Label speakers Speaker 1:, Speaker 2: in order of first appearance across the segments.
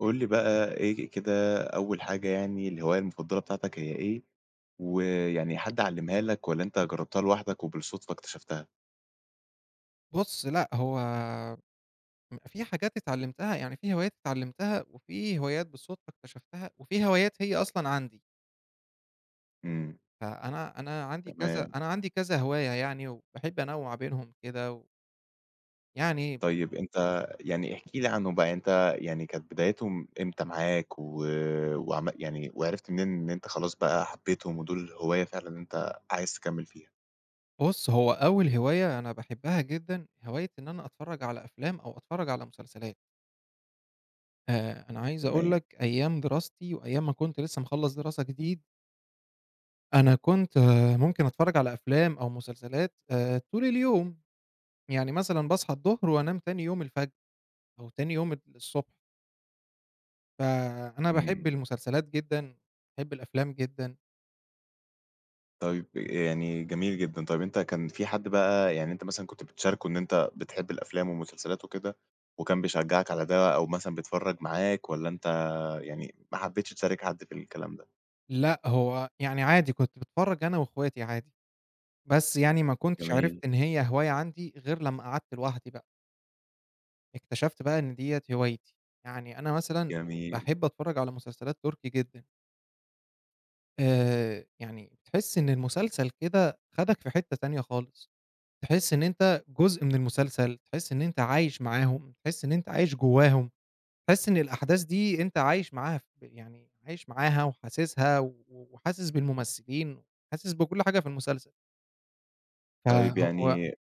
Speaker 1: قُل لي بقى إيه ك كده أول حاجة يعني الهواية المفضلة بتاعتك هي إيه؟ و يعني حد علمها لك والّا أنت جربتها لوحدك وبالصدفة اكتشفتها؟
Speaker 2: بُصّ، لأ، هو ام في حاجات اتعلمتها، يعني في هوايات اتعلمتها، وفي هوايات بالصدفة اكتشفتها، وفي هوايات هي أصلًا عندي.
Speaker 1: إمم.
Speaker 2: فأنا أنا عندي كذا
Speaker 1: تمام.
Speaker 2: أنا عندي كذا هواية يعني، وباحب أنوع بينهم كده، و يعني بح
Speaker 1: طيب أنت يعني احكِ لي عنهم بقى، أنت يعني كانت بدايتهم امتى معاك و وعم يعني وعرفت منين إن أنت خلاص بقى حبيتهم ودول هواية فعلًا أنت عايز تكمل فيها؟
Speaker 2: بُصّ، هو أول هواية أنا باحبها جدًا، هواية إن أنا أتفرج على أفلام أو أتفرج على مسلسلات. آآ، أنا عايز أقول
Speaker 1: تمام.
Speaker 2: لك أيام دراستي وأيام ما كنت لسه مخلّص دراسة جديد أنا كنت، آآ ممكن أتفرج على أفلام أو مسلسلات، آآ طول اليوم. يعني مثلًا باصحى الضهر وأنام تاني يوم الفجر، أو تاني يوم ال الصبح. فأنا باحب
Speaker 1: إمم.
Speaker 2: المسلسلات جدًا، باحب الأفلام جدًا.
Speaker 1: طيب يعني جميل جدًا، طيب أنت كان في حد بقى يعني أنت مثلًا كنت بتشاركه إن أنت بتحب الأفلام والمسلسلات وكده، وكان بيشجعك على ده، أو مثلًا بيتفرج معاك، والّا أنت يعني ما حبتش تشارك حد في الكلام ده؟
Speaker 2: لأ هو يعني عادي، كنت باتفرج أنا وإخواتي عادي، بس يعني ما كنتش عرفت
Speaker 1: جميل.
Speaker 2: إن هي هواية عندي، غير لما قعدت لوحدي بقى. اكتشفت بقى إن ديّة هوايتي، يعني أنا مثلًا
Speaker 1: جميل.
Speaker 2: باحب أتفرج على مسلسلات تركي جدًا. آآ يعني بتحس إن المسلسل كده خدك في حتة تانية خالص، تحس إن أنت جزء من المسلسل، تحس إن أنت عايش معاهم، تحس إن أنت عايش جواهم، تحس إن الأحداث دي أنت عايش معاها، في ب يعني عايش معاها، وحاسسها، و و وحاسس بالممثلين، حاسس بكل حاجة في المسلسل. ف
Speaker 1: طيب
Speaker 2: هو
Speaker 1: يعني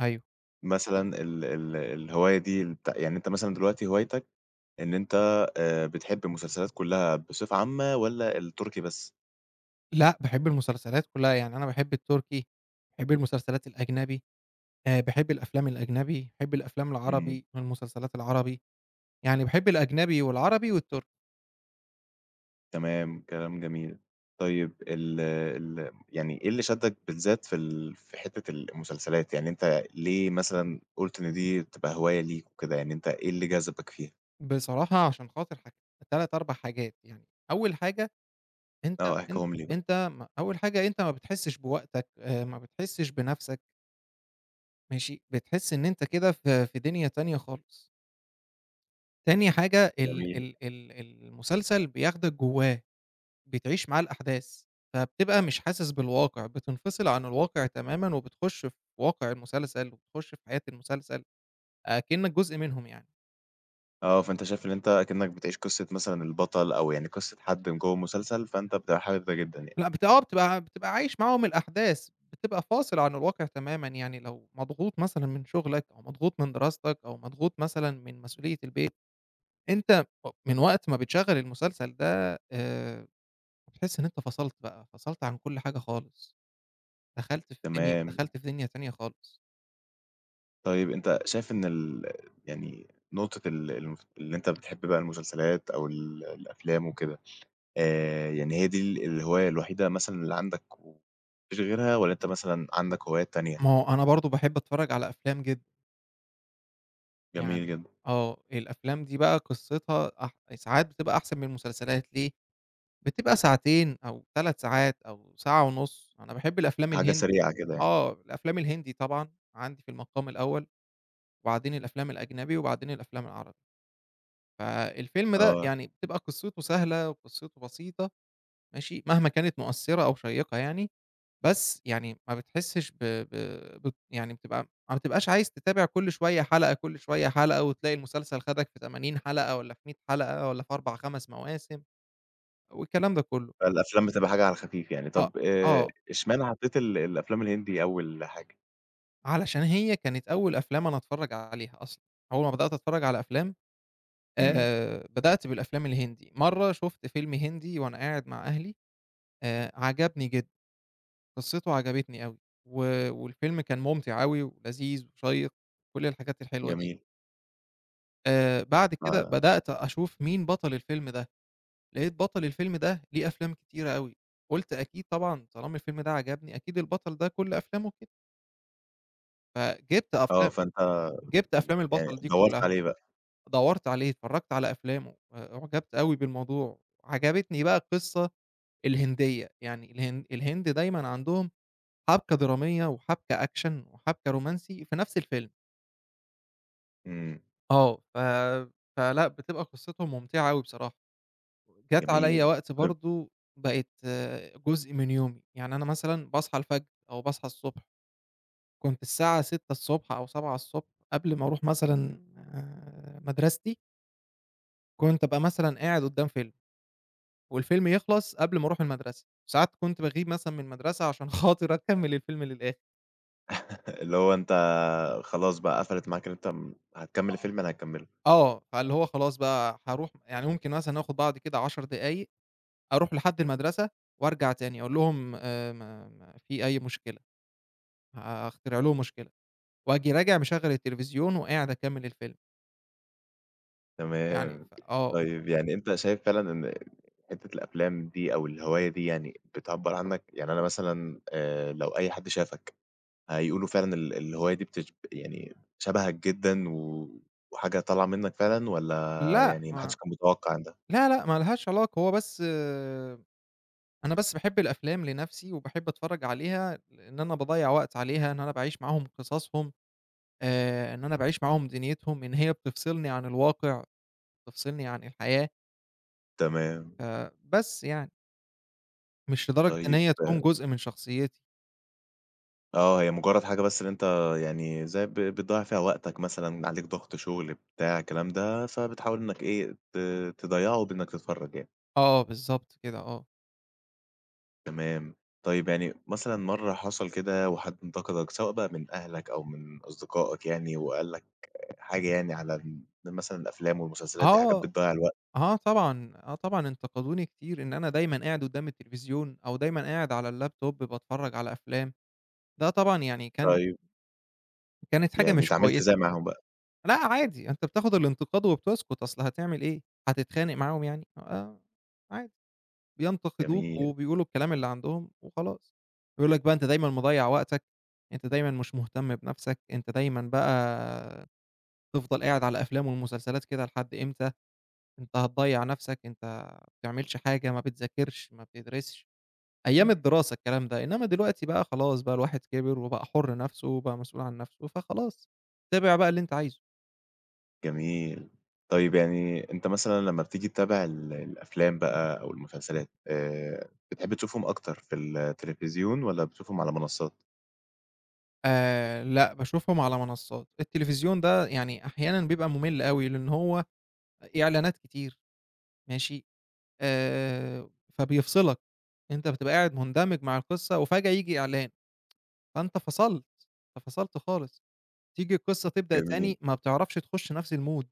Speaker 2: أيوة.
Speaker 1: مثلًا ال ال الهواية دي البت يعني أنت مثلًا دلوقتي هوايتك إن أنت آآ بتحب المسلسلات كلها بصفة عامة، والّا التركي بس؟
Speaker 2: لأ، باحب المسلسلات كلها يعني، أنا باحب التركي، باحب المسلسلات الأجنبي، آآ باحب الأفلام الأجنبي، باحب الأفلام
Speaker 1: إمم.
Speaker 2: العربي، والمسلسلات العربي، يعني باحب الأجنبي، والعربي، والتركي.
Speaker 1: تمام، كلام جميل. طيب ال ال يعني إيه اللي شدّك بالذات في ال في حتة ال المسلسلات؟ يعني أنت ليه مثلًا قُلت إن دي تبقى هواية ليك وكده، يعني أنت إيه اللي جذبك فيها؟
Speaker 2: بصراحة، عشان خاطر حاجت 3 4 حاجات يعني، أول حاجة أنت
Speaker 1: آه،
Speaker 2: أن
Speaker 1: احكيهم لي بقى.
Speaker 2: أنت م أول حاجة أنت ما بتحسش بوقتك، آآ، ما بتحسش بَنفسك ماشي؟ بتحس إن أنت كده في في دنيا تانية خالص. تاني حاجة ال
Speaker 1: جميل.
Speaker 2: ال ال المسلسل بياخدك جواه، بتعيش معاه الأحداث، فبتبقى مش حاسس بالواقع، بتنفصل عن الواقع تمامًا وبتخش في واقع المسلسل، وبتخش في حياة المسلسل، أكنك جزء منهم يعني.
Speaker 1: آه، فأنت شايف إن أنت أكنك بتعيش قصة مثلًا البطل أو يعني قصة حد من جوة المسلسل، فأنت بتبقى حابب ده جدًا يعني.
Speaker 2: لأ، بت آه، بتبقى بتبقى عايش معاهم الأحداث، بتبقى فاصل عن الواقع تمامًا، يعني لو مضغوط مثلًا من شغلك، أو مضغوط من دراستك، أو مضغوط مثلًا من مسؤولية البيت، أنت من وقت ما بتشغّل المسلسل ده، آآ بتحس إن أنت فصلت بقى، فصلت عن كل حاجة خالص. دخلت في دنيا
Speaker 1: تمام.
Speaker 2: دخلت في دنيا تانية خالص.
Speaker 1: طيب أنت شايف إن ال يعني نقطة ال المف اللي أنت بتحب بقى المسلسلات أو ال الأفلام وكده، آآ يعني هي دي ال الهواية الوحيدة مثلًا اللي عندك، وما فيش غيرها والّا أنت مثلًا عندك هوايات تانية؟
Speaker 2: ما هو أنا برضه باحب أتفرّج على أفلام جدًا.
Speaker 1: جميل
Speaker 2: يعني
Speaker 1: جدًا.
Speaker 2: آه، الأفلام دي بقى قِصّتها أح ساعات بتبقى أحسن من المسلسلات، ليه؟ بتبقى ساعتين أو 3 ساعات أو ساعة ونُص. أنا باحب الأفلام
Speaker 1: حاجة
Speaker 2: الهن
Speaker 1: سريعة كده يعني.
Speaker 2: آه، الأفلام الهندي طبعًا عندي في المقام الأول وبعدين الأفلام الأجنبي وبعدين الأفلام العربي. فالفيلم ده
Speaker 1: آه.
Speaker 2: يعني بتبقى قِصّته سهلة وقِصّته بسيطة ماشي، مهما كانت مؤثّرة أو شيّقة يعني، بس يعني ما بتحسّش ب ب بت يعني بتبقى ما بتبقاش عايز تتابع كل شوية حلقة، كل شوية حلقة وتلاقي المسلسل خدك في 80 حلقة والّا في 100 حلقة والّا في 4، 5 مواسم والكلام ده كُلّه.
Speaker 1: فالأفلام بتبقى حاجة على الخفيف يعني.
Speaker 2: آه،
Speaker 1: طّب آآ
Speaker 2: آه.
Speaker 1: اشمعنى حطّيت ال الأفلام الهندي أول حاجة؟
Speaker 2: علشان هي كانت أول أفلام أنا أتفرّج عليها أصلًا. أول ما بدأت أتفرّج على أفلام،
Speaker 1: إمم.
Speaker 2: آآ بدأت بالأفلام الهندي. مرّة شُفت فيلم هندي وأنا قاعد مع أهلي، آآ عجبني جدًا، قِصّته عجبتني أوي و والفيلم كان مُمتِع أوي ولذيذ وشيّق، كل الحاجات الحلوة دي.
Speaker 1: جميل.
Speaker 2: آآ بعد كده
Speaker 1: ف
Speaker 2: بدأت أشوف مين بطل الفيلم ده؟ لقيت بطل الفيلم ده ليه أفلام كتيرة أوي، قُلت أكيد طبعًا طالما الفيلم ده عجبني، أكيد البطل ده كل أفلامه كدة. فجبت
Speaker 1: آه
Speaker 2: أفلام
Speaker 1: فأنت
Speaker 2: جبت أفلام
Speaker 1: يعني
Speaker 2: البطل دي
Speaker 1: دوّرت
Speaker 2: كلها،
Speaker 1: عليه بقى.
Speaker 2: دوّرت عليه، اتفرجت على أفلامه آآ، أعجبت أوي بالموضوع، عجبتني بقى القصة الهندية، يعني الهن الهند دايمًا عندهم حبكة درامية وحبكة Action وحبكة رومانسي في نفْس الفيلم.
Speaker 1: إمم.
Speaker 2: آه، ف فلأ بتبقى قصته ممتعة أوي بصراحة، جات عليَّ
Speaker 1: جميل،
Speaker 2: وقت
Speaker 1: طيب
Speaker 2: برضو بقت آآ جزء من يومي، يعني أنا مثلًا باصحى الفجر أو باصحى الصبح كنت الساعة 06:00 الصبح أو 07:00 الصبح قبل ما أرُوح مثلًا آآ مدرستي كنت أبقى مثلًا قاعد قدام فيلم والفيلم يخلص قبل ما أرُوح المدرسة، ساعات كنت باغيب مثلًا من المدرسة عشان خاطر أكمل الفيلم للآخر.
Speaker 1: اللي هو أنت خلاص بقى قفلت معاك إن أنت م هتكمل
Speaker 2: آه،
Speaker 1: الفيلم يعني هتكمله.
Speaker 2: آه، فاللي هو خلاص بقى هارُوح يعني ممكن مثلًا آخد بعضي كده 10 دقايق، أرُوح لحد المدرسة وارجع تاني أقول لهم آآ ما ما في أي مشكلة، ه هـأخترع لهم مشكلة وآجي راجع مشغل التليفزيون وقاعد أكمل الفيلم. يعني
Speaker 1: تمام،
Speaker 2: ف آه.
Speaker 1: طيب يعني أنت شايف فعلًا إن حتّة الأفلام دي أو الهواية دي يعني بتعبّر عنك؟ يعني أنا مثلًا آآ لو أي حد شافك، هيقولوا فعلًا ال الهواية دي بتج يعني شبهك جدًا و وحاجة طالعة منك فعلًا والّا
Speaker 2: لأ
Speaker 1: يعني ما حدش
Speaker 2: ما
Speaker 1: كان متوقع ده؟
Speaker 2: لا، لأ، ما لهاش علاقة هو بس أنا بس باحب الأفلام لنفْسي وباحب أتفرّج عليها لإن أنا باضيّع وقت عليها إن أنا باعيش معاهم قصصهم، آآ إن أنا باعيش معاهم دنيتهم، إن هي بتفصلني عن الواقع، بتفصلني عن الحياة
Speaker 1: تمام.
Speaker 2: آآ بس يعني. مش لدرجة إن
Speaker 1: طيب
Speaker 2: هي تكون جزء من شخصيّتي.
Speaker 1: آه هي مجرد حاجة بس اللي أنت يعني زي ب بتضيّع فيها وقتك مثلًا عليك ضغط شغل بتاع الكلام ده، فبتحاول إنك إيه، ت تضيّعه بإنك تتفرّج يعني.
Speaker 2: آه، بالضبط كده آه.
Speaker 1: تمام، طيب يعني مثلًا مَرّة حصل كده وحد انتقدك، سواء بقى من أهلك أو من أصدقائك يعني وقال لك حاجة يعني على ال مثلًا الأفلام والمسلسلات دي حاجات
Speaker 2: آه،
Speaker 1: بتضيّع الوقت؟
Speaker 2: آه طبعًا، آه طبعًا، انتقدوني كتير إن أنا دايمًا قاعد قدّام التليفزيون، أو دايمًا قاعد على الlaptop باتفرّج على أفلام، ده طبعًا يعني كان
Speaker 1: طيب.
Speaker 2: كانت حاجة
Speaker 1: يعني
Speaker 2: مش
Speaker 1: اتعاملت
Speaker 2: كويسة.
Speaker 1: إزاي معاهم بقى؟
Speaker 2: لأ عادي أنت بتاخد الانتقاد وبتسكت، أصل هتعمل إيه؟ هتتخانق معاهم يعني؟! آه، عادي، بينتقدوك
Speaker 1: جميل.
Speaker 2: وبيقولوا الكلام اللي عندهم وخلاص، بيقول لك بقى: "أنت دايمًا مضيّع وقتك، أنت دايمًا مش مهتم بنفْسك، أنت دايمًا بقى تفضل قاعد على أفلام ومسلسلات كده لحد امتى؟ أنت هتضيّع نفْسك، أنت ما بتعملش حاجة، ما بتذاكرش ما بتدرسش،" أيام
Speaker 1: إمم.
Speaker 2: الدراسة الكلام ده، إنما دلوقتي بقى خلاص بقى الواحد كبر، وبقى حُر نفْسه وبقى مسؤول عن نفْسه فخلاص، تابع بقى اللي أنت عايزه.
Speaker 1: جميل. طيب يعني أنت مثلًا لمّا بتيجي تتابع ال الأفلام بقى أو المسلسلات، آآ بتحب تشوفهم أكتر في التليفزيون والّا بتشوفهم على منصّات؟
Speaker 2: آآ لأ، باشوفهم على منصّات. التليفزيون ده يعني أحيانًا بيبقى مُمِل أوي، لإن هو آآ إعلانات كتير ماشي، آآ فبيفصلك. أنت بتبقى قاعد مُندمج مع القِصّة وفجأة ييجي إعلان، فأنت فصلت، أنت فصلت خالص. تيجي القصة تبدأ
Speaker 1: جميل.
Speaker 2: تاني، ما بتعرفش تخش نَفْس الmood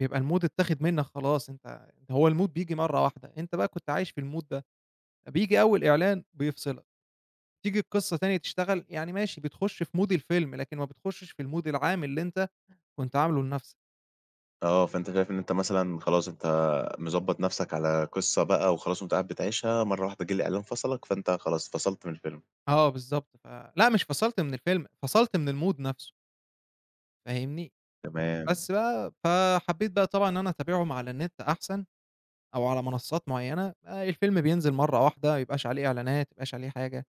Speaker 2: بيبقى الmood اتّاخِد منّك خلاص أنت هو الmood بييجي مرّة واحدة، أنت بقى كنت عايش في الmood ده، فبييجي أول إعلان بيفصلك، تيجي القِصّة تانية تشتغل، يعني ماشي بتخُش في mood الفيلم لكن ما بتخشّش في الmood العام اللي أنت كنت عامله لنَفْس
Speaker 1: آه، فأنت شايف اللي أنت مثلًا خلاص أنت مضبّط نَفْسك على قِصّة بقى وخلاص وأنت قاعد بتعيشها مرّة واحدة جِه الإعلان فصلك، فأنت خلاص اتفصلْت من الفيلم.
Speaker 2: آه بالضبط، ف لأ، مش فصلت من الفيلم، فصلت من الmood نَفْسه. فاهمني؟
Speaker 1: تمام.
Speaker 2: بس بقى فحبّيت بقى طبعًا إن أنا أتابعهم على النِت أحسن أو على منصّات معيّنة آآ الفيلم بينزِل مرّة واحدة ما يبقاش عليه إعلانات، ما يبقاش عليه حاجة،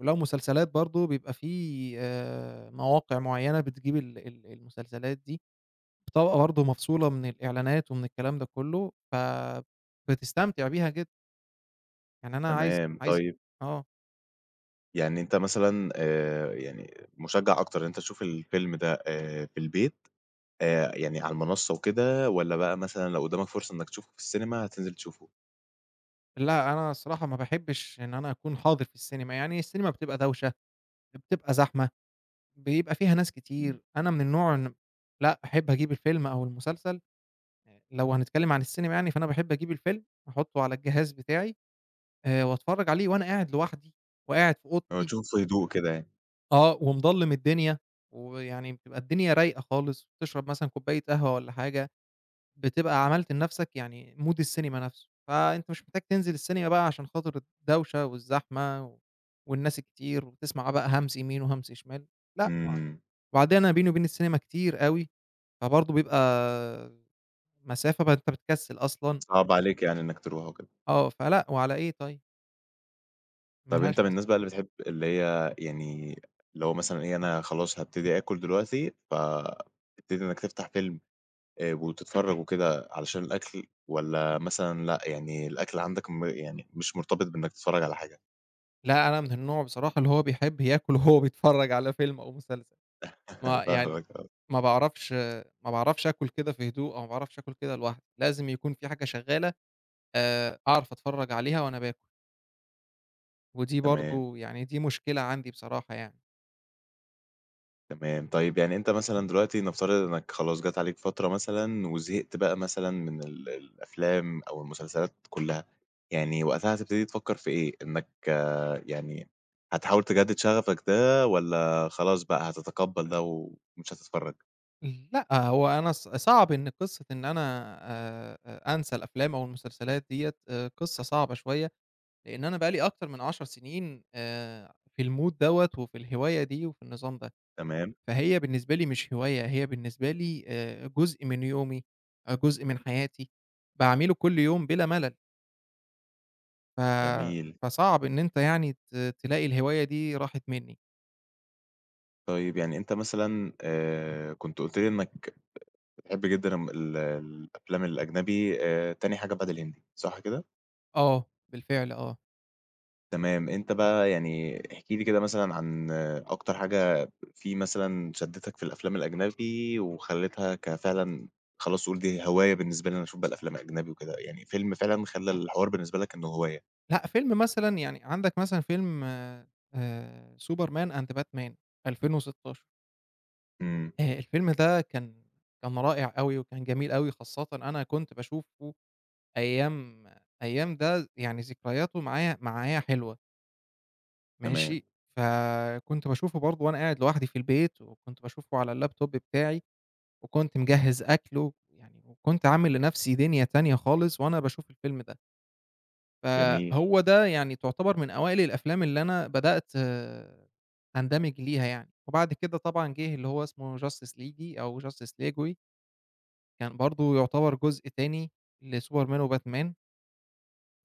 Speaker 2: ولو مسلسلات برضه بيبقى في آآ مواقع معيّنة بتجيب ال ال المسلسلات دي بطبقة برضه مفصولة من الإعلانات ومن الكلام ده كُلّه، فبتستمتع بيها جدًا. يعني أنا عايز
Speaker 1: تمام،
Speaker 2: عايز
Speaker 1: طيب
Speaker 2: آه.
Speaker 1: يعني أنت مثلًا، آآ، يعني مشجِّع أكتر إن أنت تشوف الفيلم ده آآ في البيت آآ يعني على المنصة وكده، والّا بقى مثلًا لو قدامك فرصة إنك تشوفه في السينما هتنزل تشوفه؟
Speaker 2: لأ، أنا الصراحة ما باحبش إن أنا أكون حاضر في السينما يعني، السينما بتبقى دوشة، يا بتبقى زحمة، بيبقى فيها ناس
Speaker 1: إمم.
Speaker 2: كتير، أنا من النوع إن لأ أحب أجيب الفيلم أو المسلسل آآ، لو هنتكلم عن السينما يعني، فأنا باحب أجيب الفيلم وأحطه على الجهاز بتاعي آآ، وأتفرّج عليه وأنا قاعد لوحدي، وقاعد في
Speaker 1: هو
Speaker 2: أوضتي.
Speaker 1: تشوفه في هدوء كده يعني.
Speaker 2: آه، ومضلّم الدنيا، ويعني بتبقى الدنيا رايقة خالص، بتشرب مثلًا كوباية قهوة والّا حاجة، بتبقى عملت لنَفْسك يعني Mood السينما نَفْسه، فأنت مش محتاج تنزل السينما بقى عشان خاطر الدوشة والزحمة و والناس الكتير وتسمع بقى همس يمين وهمس شمال، لأ [unintelligible]
Speaker 1: إمم.
Speaker 2: وبعدين أنا بيني وبين السينما كتير أوي، فبرضه بيبقى مسافة بقى أنت بتكسّل أصلًا.
Speaker 1: صعب عليك يعني إنك ترُوح وكده.
Speaker 2: آه، فلأ وعلى إيه طيب؟ ما
Speaker 1: طَب
Speaker 2: لهاش
Speaker 1: أنت من
Speaker 2: لازمة.
Speaker 1: الناس بقى اللي بتحب اللي هي يعني لو مثلًا إيه أنا خلاص هابتدي آكل دلوقتي، فتبتدي إنك تفتح فيلم آآ، وتتفرج وكده علشان الأكل والّا مثلًا لأ يعني الأكل عندك م يعني مش مرتبط بإنك تتفرج على حاجة؟
Speaker 2: لأ، أنا من النوع بصراحة اللي هو بيحب ياكل وهو بيتفرّج على فيلم أو مسلسل ما يعني
Speaker 1: فاهمك آه.
Speaker 2: ما باعرفش ما باعرفش آكل كده في هدوء، أو ما باعرفش آكل كده لوحدي، لازم يكون في حاجة شغالة آآ، أعرف أتفرّج عليها وأنا باكل. ودي
Speaker 1: تمام.
Speaker 2: برضه يعني دي مشكلة عندي بصراحة يعني.
Speaker 1: تمام طيب يعني أنت مثلًا دلوقتي نفترض إنك خلاص جات عليك فترة مثلًا وزهقت بقى مثلًا من ال الأفلام أو المسلسلات كُلّها يعني وقتها هتبتدي تفكّر في إيه؟ إنك يعني هتحاول تجدد شغفك ده، والّا خلاص بقى هتتقبل ده و ومش هتتفرج؟
Speaker 2: لأ، هو أنا ص صعب إن قصة إن أنا آآ، أنسى الأفلام أو المسلسلات ديّة آآ، قصة صعبة شوية، لإن أنا بقى لي أكتر من 10 سنين آآ، في الmood دوّة وفي الهواية دي، وفي النظام ده،
Speaker 1: تمام.
Speaker 2: فهي بالنسبة لي مش هواية، هي بالنسبة لي آآ، جزء من يومي آآ، جزء من حياتي باعمله كُلّ يوم بِلا ملل. ف
Speaker 1: جميل.
Speaker 2: فصعب إن أنت يعني ت تلاقي الهواية دي راحت منّي.
Speaker 1: طيب يعني أنت مثلًا آآ كنت قُلت لي إنّك بتحب جدًا ال الأفلام الأجنبي آآ تاني حاجة بعد الهندي، صح كده؟
Speaker 2: آه، بالفعل آه.
Speaker 1: تمام. أنت بقى يعني احكِ لي كده مثلًا عن أكتر حاجة فيه مثلًا شدّتك في الأفلام الأجنبي وخلّيتها ك فعلًا خلاص تقول دي الهواية بالنسبة لي، أنا هاشوف بقى الأفلام أجنبي وكده، يعني فيلم فعلًا خلّى الحوار بالنسبة لك إنه هواية؟
Speaker 2: لأ، فيلم مثلًا يعني عندك مثلًا فيلم آآ Superman and Batman 2016.
Speaker 1: إمم.
Speaker 2: آآ الفيلم ده كان كان رائع أوي وكان جميل أوي، خاصةً أنا كنت باشوفه أيام أيام ده يعني ذكرياته معايا، معايا حلوة
Speaker 1: تمام.
Speaker 2: ماشي؟ فكنت باشوفه برضه وأنا قاعد لوحدي في البيت وكنت باشوفه على الlaptop بتاعي وكنت مجهّز أكل ويعني وكنت عامل لنَفْسي دِنيا تانية خالص وأنا باشوف الفيلم ده.
Speaker 1: جميل.
Speaker 2: فهو ده يعني تعتبر من أوائل الأفلام اللي أنا بدأت أندمج ليها يعني وبعد كده طبعًا جِه اللي هو اسمه Justice League أو Justice League Way. كان برضه يعتبر جزء تاني لSuperman وBatman.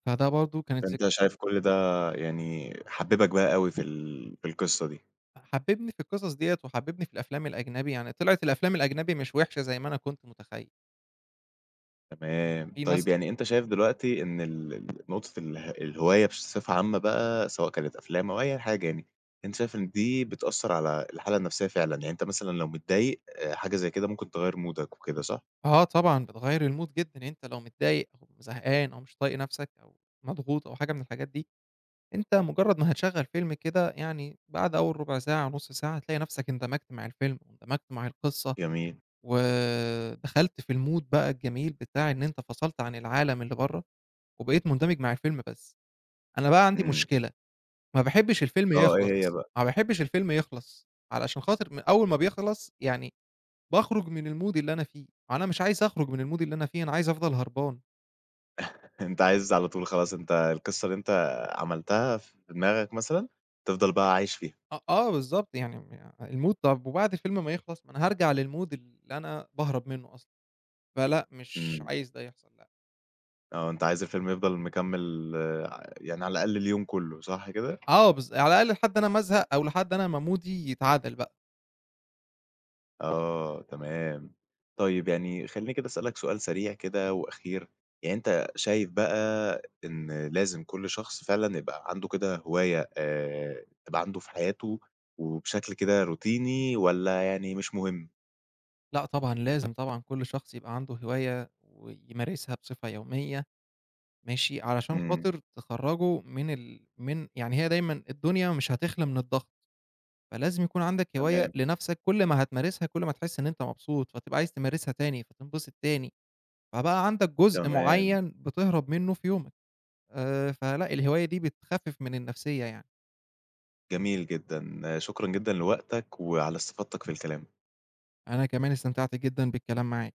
Speaker 2: فده برضه كانت ذك
Speaker 1: فأنت شايف كل ده يعني حببك بقى أوي في ال في القصة دي.
Speaker 2: حببني في القصص ديّة وحببني في الأفلام الأجنبي، يعني طلعت الأفلام الأجنبي مش وحشة زي ما أنا كنت متخيّل.
Speaker 1: تمام،
Speaker 2: في مث
Speaker 1: طيب يعني أنت شايف دلوقتي إن ال ال نقطة اله الهواية بصفة عامة بقى، سواء كانت أفلام أو أي حاجة يعني، أنت شايف إن دي بتأثّر على الحالة النفسيّة فعلًا، يعني أنت مثلًا لو متضايق آآ حاجة زي كده ممكن تغيّر مودك وكده صح؟
Speaker 2: آه طبعًا بتغيّر الMood جدًا، يعني أنت لو متضايق أو زهقان أو مش طايق نَفْسك أو مضغوط أو حاجة من الحاجات دي، أنت مجرّد ما هتشغّل فيلم كده، يعني بعد أول ربع ساعة أو نُص ساعة، هتلاقي نَفْسك اندمجت مع الفيلم واندمجت مع القصة،
Speaker 1: جميل.
Speaker 2: ودخلت في الMood بقى الجميل بتاع إن أنت فصلت عن العالم اللي بَرّه وبقيت مندمج مع الفيلم بس، أنا بقى عندي
Speaker 1: إمم.
Speaker 2: مشكلة، ما باحبش الفيلم
Speaker 1: آه إيه هي
Speaker 2: يخلص،
Speaker 1: بقى؟
Speaker 2: ما باحبش الفيلم يخلص، علشان خاطر م أول ما بيخلص يعني باخرج من الMood اللي أنا فيه وأنا مش عايز أخرج من الMood اللي أنا فيه، أنا عايز أفضل هربان.
Speaker 1: أنت عايز على طول خلاص، أنت القصة اللي أنت عملتها في دماغك مثلًا تفضل بقى عايش فيها.
Speaker 2: أ آه، بالضبط يعني م الMood طَب وبعد الفيلم ما يخلص ما أنا هارجع للMood اللي أنا باهرب مِنّه أصلًا فلأ مش
Speaker 1: إمم.
Speaker 2: عايز ده يحصل لأ.
Speaker 1: آه أنت عايز الفيلم يفضل مكمل ع يعني على الأقل اليوم كُلّه صح كده؟
Speaker 2: آه، بالض على الأقل لحد أنا ما أزهق أو لحد أنا ما مودي يتعدل بقى.
Speaker 1: آه، تمام، طيب يعني خلّيني كده أسألك سؤال سريع كده وأخير، يعني أنت شايف بقى إن لازم كل شخص فعلًا يبقى عنده كده هواية آآ تبقى عنده في حياته وبشكل كده روتيني والّا يعني مش مهم؟
Speaker 2: لأ طبعًا لازم طبعًا كل شخص يبقى عنده هواية ويمارسها بصفة يومية ماشي، علشان
Speaker 1: إمم.
Speaker 2: خاطر تخرجه من ال من يعني هي دايمًا الدنيا مش هتخلى من الضغط، فلازم يكون عندك هواية
Speaker 1: تمام.
Speaker 2: لنَفْسك، كل ما هتمارسها، كل ما هتحس إن أنت مبسوط، فتبقى عايز تمارسها تاني، فتنبسط تاني، فبقى عندك جزء
Speaker 1: تمام.
Speaker 2: معيّن بتهرب مِنّه في يومك، آآ، فلأ الهواية دي بتخفف من النفسيّة يعني.
Speaker 1: جميل جدًا، شكرًا جدًا لوقتك وعلى استفاضتك في الكلام.
Speaker 2: أنا كمان استمتعت جدًا بالكلام معاك.